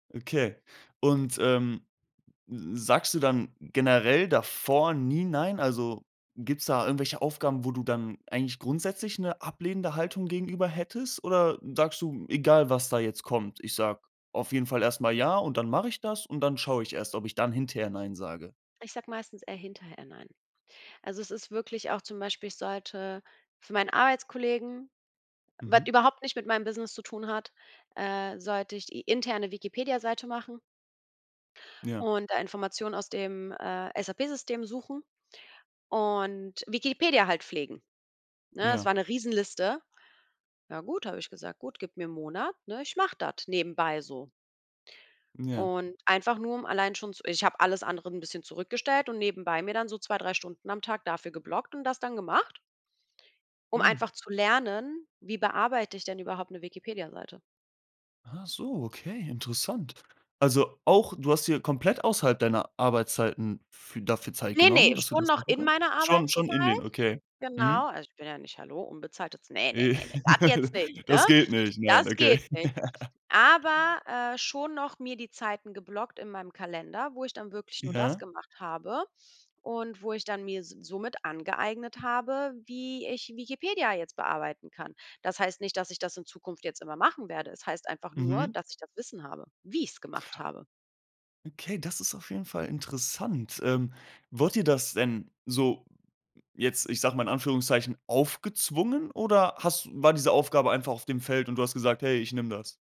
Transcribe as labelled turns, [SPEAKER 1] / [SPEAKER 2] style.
[SPEAKER 1] Okay. Und, ähm, sagst du dann generell davor nie nein? Also, gibt's da irgendwelche Aufgaben, wo du dann eigentlich grundsätzlich 'ne ablehnende Haltung gegenüber hättest? Oder sagst du: „Egal, was da jetzt kommt, ich sage auf jeden Fall erst mal ja, und dann mache ich das, und dann schaue ich erst, ob ich dann hinterher nein sage?“
[SPEAKER 2] Ich sage meistens eher hinterher nein. Also, es ist wirklich auch zum Beispiel, ich sollte für meinen Arbeitskollegen, was
[SPEAKER 1] Mhm.
[SPEAKER 2] überhaupt nicht mit meinem Business zu tun hat äh, sollte ich die interne Wikipedia-Seite machen
[SPEAKER 1] Ja.
[SPEAKER 2] und da Informationen aus dem, äh, SAP-System suchen und Wikipedia halt pflegen. Ne, das
[SPEAKER 1] Ja.
[SPEAKER 2] war eine Riesenliste. „Ja gut“, habe ich gesagt: „Gut, gib mir 'n Monat, ne, ich mache das nebenbei so.“
[SPEAKER 1] Ja.
[SPEAKER 2] Und einfach nur, um allein schon zu ich habe alles andere 'n bisschen zurückgestellt und nebenbei mir dann so 2, 3 Stunden am Tag dafür geblockt und das dann gemacht um
[SPEAKER 1] Mhm.
[SPEAKER 2] einfach zu lernen, wie bearbeite ich denn überhaupt 'ne Wikipediaseite?
[SPEAKER 1] Achso, okay, interessant. Also auch du hast dir komplett außerhalb deiner Arbeitszeiten fü dafür Zeit
[SPEAKER 2] Ne,
[SPEAKER 1] genommen,
[SPEAKER 2] ne,
[SPEAKER 1] dass du
[SPEAKER 2] schon
[SPEAKER 1] das
[SPEAKER 2] noch
[SPEAKER 1] machen
[SPEAKER 2] in
[SPEAKER 1] kann
[SPEAKER 2] meiner
[SPEAKER 1] schon, schon in
[SPEAKER 2] Arbeitszeit.
[SPEAKER 1] den okay.
[SPEAKER 2] Genau.
[SPEAKER 1] Mhm.
[SPEAKER 2] Also ich bin ja nicht hallo, unbezahltes Ne, ne, das jetzt nicht, ne?
[SPEAKER 1] Das geht nicht, nein,
[SPEAKER 2] Das
[SPEAKER 1] okay.
[SPEAKER 2] geht nicht. Aber, äh, schon noch mir die Zeiten geblockt in meinem Kalender, wo ich dann wirklich nur das
[SPEAKER 1] Ja.
[SPEAKER 2] gemacht habe und wo ich dann mir somit angeeignet habe, wie ich Wikipedia jetzt bearbeiten kann. Das heißt nicht, dass ich das in Zukunft jetzt immer machen werde. Es heißt einfach nur,
[SPEAKER 1] Mhm
[SPEAKER 2] dass ich das Wissen habe, wie ich's gemacht habe.
[SPEAKER 1] Okay, das ist auf jeden Fall interessant. Ähm, wurde dir das denn so jetzt ich sage mal in Anführungszeichen, aufgezwungen oder hast war diese Aufgabe einfach auf dem Feld, und du hast gesagt: „Hey, ich nehme das?“